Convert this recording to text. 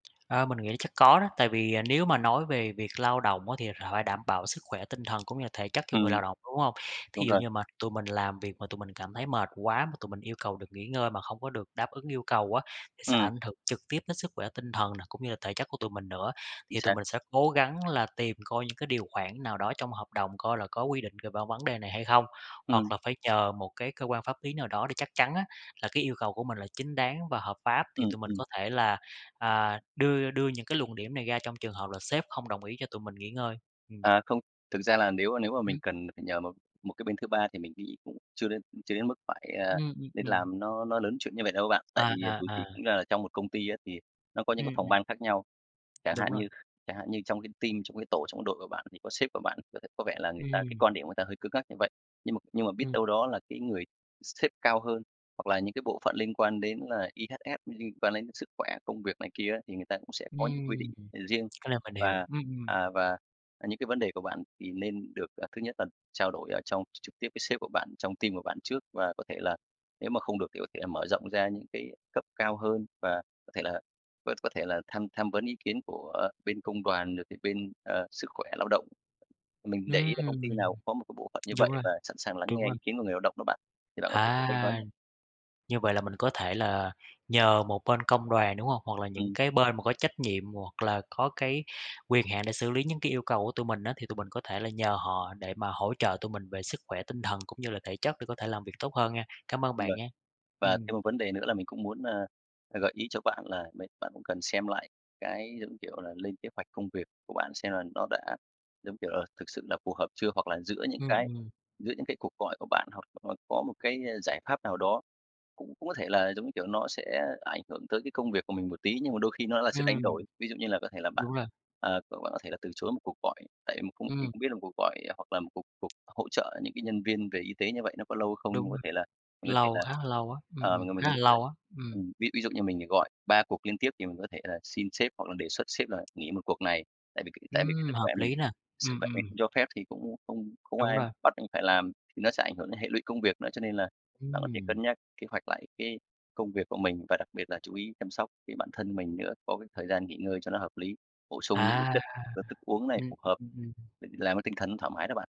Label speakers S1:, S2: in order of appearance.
S1: A, mình nghĩ chắc có đó, tại vì, à, nếu mà nói về việc lao động á thì h phải đảm bảo sức khỏe tinh thần cũng như là thể chất cho người
S2: Ừm.
S1: lao động, đúng hông? Thí
S2: Đúng
S1: dụ
S2: rồi.
S1: như mà tụi mình làm việc mà tụi mình cảm thấy mệt quá, mà tụi mình yêu cầu được nghỉ ngơi mà không có được đáp ứng yêu cầu á, thì sẽ
S2: Ừm.
S1: ảnh hưởng trực tiếp đến sức khỏe tinh thần này, cũng như là thể chất của tụi mình nữa.
S2: Chính
S1: Thì tụi
S2: xác.
S1: mình sẽ cố gắng là tìm coi những cái điều khoản nào đó trong hợp đồng coi là có quy định về vân vấn đề này hay không? Hoặc
S2: Ừm.
S1: là phải nhờ một cái cơ quan pháp lý nào đó để chắc chắn á, là cái yêu cầu của mình là chính đáng và hợp pháp, thì
S2: Ừm,
S1: tụi mình
S2: ừm.
S1: có thể là, à, đưa đưa những cái luận điểm này ra trong trường hợp là sếp không đồng ý cho tụi mình nghỉ ngơi, ừm.
S2: À, không, thực ra là nếu, à, nếu mà mình
S1: Ừm.
S2: cần phải nhờ một một cái bên thứ ba thì mình nghĩ cũng chưa đến chưa đến mức phải, à,
S1: Ừm, ừm,
S2: nên
S1: ừm.
S2: làm nó nó lớn chuyện như vậy đâu bạn, tại
S1: À,
S2: vì, à,
S1: à,
S2: dù gì
S1: à.
S2: cũng ra là trong một công ty á thì nó có những cái
S1: Ừm,
S2: phòng
S1: ừm.
S2: ban khác nhau, chẳng
S1: Đúng
S2: hạn
S1: rồi.
S2: như chẳng hạn như trong cái team, trong cái tổ, trong cái đội của bạn thì có sếp của bạn người ta có vẻ là người ta cái
S1: Ừm.
S2: quan điểm người ta hơi cứng ngắc như vậy, nhưng mà nhưng mà biết
S1: Ừm.
S2: đâu đó là cái người sếp cao hơn hoặc là những cái bộ phận liên quan đến là EHS [unintelligible] liên quan đến sức khỏe, công việc này kia á thì người ta cũng sẽ có những quy định,
S1: Ừm,
S2: ờ, riêng.
S1: cái này mình hiểu,
S2: Và,
S1: ừm, ừm.
S2: à và, à, những cái vấn đề của bạn thì nên được, à, thứ nhất là trao đổi ở trong tr trực tiếp với sếp của bạn, trong team của bạn trước và có thể là nếu mà không được thì có thể là mở rộng ra những cái cấp cao hơn và có thể là có có thể là tham tham vấn ý kiến của bên công đoàn, được thì bên, ờ, sức khỏe lao động. Mình để
S1: Ừm!
S2: ý là công ty nào cũng có một cái bộ phận như
S1: Đúng
S2: vậy
S1: rồi,
S2: và sẵn sàng lắng
S1: đúng
S2: nghe
S1: rồi.
S2: ý kiến của người lao động đó bạn, thì bạn có thể thử bên đó
S1: À!
S2: nha.
S1: Như vậy là mình có thể là nhờ một bên công đoàn, đúng hông? Hoặc là những
S2: Ừm.
S1: cái bên mà có trách nhiệm hoặc là có cái quyền hạn để xử lý những cái yêu cầu của tụi mình á, thì tụi mình có thể là nhờ họ, để mà hỗ trợ tụi mình về sức khỏe tinh thần cũng như là thể chất để có thể làm việc tốt hơn nha, cám ơn
S2: Đúng
S1: bạn
S2: rồi.
S1: nha,
S2: Và
S1: ừm.
S2: thêm một vấn đề nữa là mình cũng muốn, a, gợi ý cho bạn là đấy, bạn cũng cần xem lại cái, giống như kiểu là, lên kế hoạch công việc của bạn xem là nó đã, giống kiểu là, thực sự là phù hợp chưa, hoặc là giữa những
S1: Ừm,
S2: cái
S1: ừm.
S2: giữa những cái cuộc gọi của bạn hoặc là có một cái, a, giải pháp nào đó, cũng cũng có thể là, giống như kiểu, nó sẽ ảnh hưởng tới cái công việc của mình một tí, nhưng mà đôi khi nó là sự đánh đổi.
S1: Ừm.
S2: Ví dụ như là có thể là bạn,
S1: Đúng rồi.
S2: ờ, có bạn có thể là từ chối một cuộc gọi, tại [unintelligible] mình
S1: Ừm.
S2: không biết là một cuộc gọi hoặc là một cuộc cuộc hỗ trợ những cái nhân viên về y tế như vậy nó có lâu hay không nhưng
S1: Đúng
S2: có
S1: rồi,
S2: thể là mình có thể
S1: lâu,
S2: là,
S1: khá là lâu á, ừm,
S2: ờ, mình
S1: ừm,
S2: là
S1: khá
S2: mình
S1: là
S2: [unintelligible]
S1: lâu á, ừm.
S2: ừm, ví ví dụ như mình thì gọi 3 cuộc liên tiếp thì mình có thể là xin sếp hoặc là đề xuất sếp là nghỉ một cuộc này, tại vì cái tại vì cái sức
S1: Ừm! Hợp
S2: khỏe mình
S1: lý nè,
S2: sức
S1: ừm,
S2: khỏe mình
S1: ừm.
S2: không cho phép thì cũng, ưm, không không có
S1: Đúng
S2: ai
S1: rồi.
S2: bắt anh phải làm, thì nó sẽ ảnh hưởng đến hệ lụy công việc nữa. Cho nên là bạn có thể
S1: Ừm.
S2: cân nhắc kế hoạch lại cái công việc của mình và đặc biệt là chú ý chăm sóc cái bản thân mình nữa, có cái thời gian nghỉ ngơi cho nó hợp lý, bổ sung những cái
S1: À,
S2: chất và thức uống này
S1: ừm,
S2: phù hợp
S1: ừm, ừm, ừm.
S2: để làm cái tinh thần nó thoải mái đó bạn.